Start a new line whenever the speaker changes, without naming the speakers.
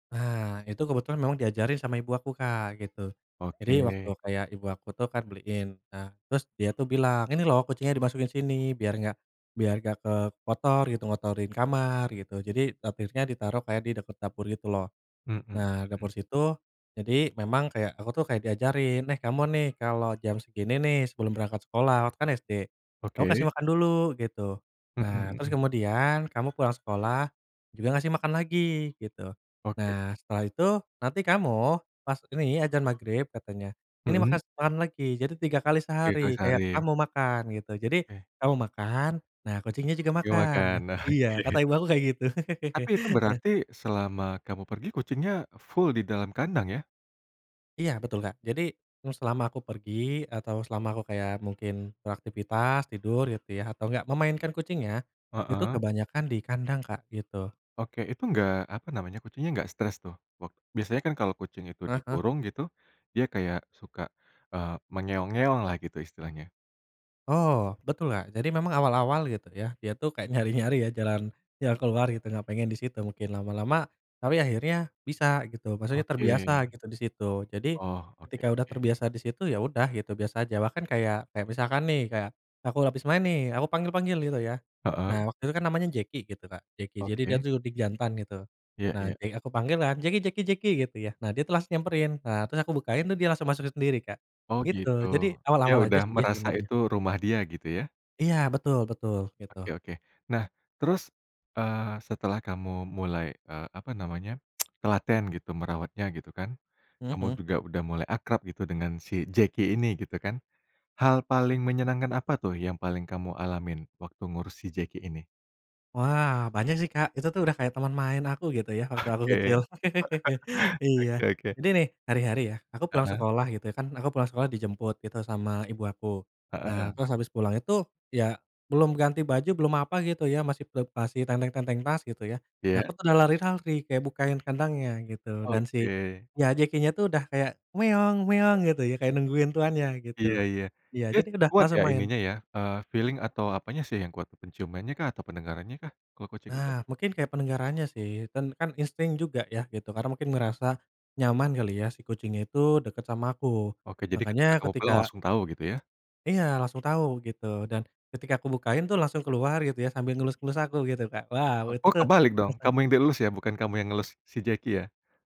Nah, itu kebetulan memang diajarin sama ibu aku, Kak, gitu. Jadi waktu
Oke.
kayak ibu aku tuh kan beliin. Nah, terus dia tuh bilang, ini loh kucingnya dimasukin sini biar gak biar gak ke kotor gitu, ngotorin kamar gitu. Jadi [unintelligible] ditaruh kayak di deket dapur gitu loh.
Mhm mhm.
Nah, dapur situ. Jadi memang kayak aku tuh kayak diajarin, eh kamu nih kalau jam segini nih sebelum berangkat sekolah, waktu itu kan SD kamu
Oke.
kasih makan dulu gitu.
Mhm
Nah, terus
mhm.
kemudian kamu pulang sekolah juga ngasih makan lagi gitu.
Oke.
Nah, setelah itu nanti kamu pas ini azan magrib katanya ini makan
Mhm.
makan lagi. Jadi 3 kali
3 kali
sehari, kayak
sehari.
kamu makan gitu. Jadi
Ke
kamu makan, nah kucingnya juga
Yo
makan. Nah
makan.
iya kata ibu aku kayak gitu.
Tapi itu
Nah
berarti selama kamu pergi, kucingnya full di dalam kandang ya?
Iya betul, Kak, jadi selama aku pergi atau selama aku kayak mungkin beraktivitas, tidur gitu ya, atau enggak memainkan kucingnya, itu
Heeh.
kebanyakan di kandang, Kak, gitu.
Oke, itu gak apa namanya, kucingnya gak stress tuh? Wak biasanya kan kalau kucing itu
Heeh heeh.
dikurung gitu, dia kayak suka, eee, mengeong-ngeong lah gitu istilahnya.
Oh, betul, Kak, jadi memang awal-awal gitu ya. Dia tuh kayak nyari-nyari ya jalan jalan keluar gitu, gak pengen disitu mungkin lama-lama. Tapi akhirnya bisa gitu, maksudnya
Oke.
terbiasa gitu disitu. Jadi,
Oh, oke
ketika udah
oke.
terbiasa disitu ya udah gitu biasa aja. Bahkan kayak kayak misalkan nih, kayak aku habis main nih, aku panggil-panggil gitu ya.
Heeh.
Nah, waktu itu kan namanya Jeki gitu, Kak, Jeki. Jadi dia
Oke.
tuh [unintelligible] jantan gitu.
Iya
Nah
iya.
di aku panggilan, Jeki! Jeki! Jeki! Gitu ya. Nah, dia tuh langsung nyamperin. Nah, terus aku bukain tuh dia langsung masuk sendiri, Kak,
Oh,
gitu.
gitu,
Jadi
dia
awal-awal aja
udah
sih
merasa
sebenarnya.
itu rumah dia gitu ya.
Iya, betul betul,
Oke
gitu.
oke. Nah terus, eee, setelah kamu mulai eee, apa namanya, telaten gitu merawatnya gitu kan,
Mhm
kamu
mhm.
juga udah mulai akrab gitu dengan si Jeki ini gitu kan. Hal paling menyenangkan apa tuh yang paling kamu alamin, waktu ngurus si Jeki ini?
Wah, banyak sih, Kak, itu tuh udah kayak teman main aku gitu ya waktu aku kecil.
Oke.
Iya.
Oke oke.
Ini nih hari-hari ya aku pulang
Heeh.
sekolah gitu ya, kan aku pulang sekolah dijemput gitu sama ibu aku. Nah,
Heeh.
terus habis pulang itu, ya belum ganti baju, belum apa gitu ya, masih ple masih tenteng-tenteng tas gitu ya. Nah aku
Iya.
tuh udah lari-lari, kayak bukain kandangnya gitu dan si
Oke.
ya Jeki-nya tuh udah kayak meong-meong gitu ya, kayak nungguin tuannya
Iya
gitu.
iya,
Iya
dia
jadi udah
kuat
langsung
ya
main.
ininya ya, eee, feeling atau apanya sih yang kuat, penciumannya kah, atau pendengarannya kah kalo kucing itu?
Nah, mungkin kayak pendengarannya sih dan kan insting juga ya gitu. Karena mungkin merasa nyaman kali ya si kucing itu deket sama aku.
Oke, jadi ketika
Makanya
kamu pulang,
ketika
langsung tahu gitu ya?
Iya, langsung tahu gitu dan ketika aku bukain tuh langsung keluar gitu ya, sambil ngelus-ngelus aku gitu, Kak. Wow itu
Oh,
tuh
kebalik dong, kamu yang dielus ya, bukan kamu yang ngelus si jeki ya?